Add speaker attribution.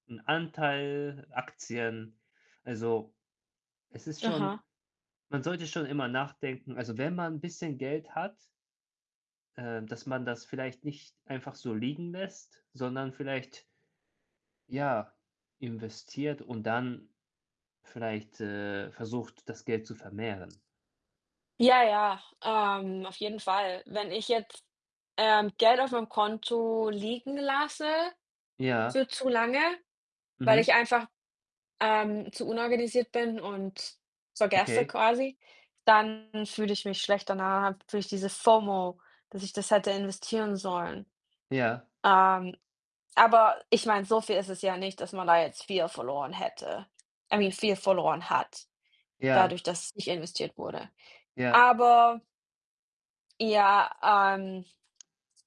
Speaker 1: 'N Anteil Aktien. Also, es ist schon
Speaker 2: Aha.
Speaker 1: man sollte schon immer nachdenken. Also, wenn man 'n bisschen Geld hat äh, dass man das vielleicht nicht einfach so liegen lässt, sondern vielleicht ja, investiert und dann vielleicht, äh, versucht, das Geld zu vermehren.
Speaker 2: Ja, ja, ähm, auf jeden Fall. Wenn ich jetzt, ähm, Geld auf meinem Konto liegen lasse
Speaker 1: Ja.
Speaker 2: für zu lange, weil
Speaker 1: Mhm.
Speaker 2: ich einfach, ähm, zu unorganisiert bin und es vergesse
Speaker 1: Okay.
Speaker 2: quasi, dann fühle ich mich schlecht danach, dann fühle ich diese FOMO, dass ich das hätte investieren sollen.
Speaker 1: Ja.
Speaker 2: Ähm, aber ich meine, so viel ist es ja nicht, dass man da jetzt viel verloren hätte, I mean viel verloren hat
Speaker 1: Ja.
Speaker 2: dadurch, dass es nicht investiert wurde.
Speaker 1: Ja.
Speaker 2: Aber Ja, ähm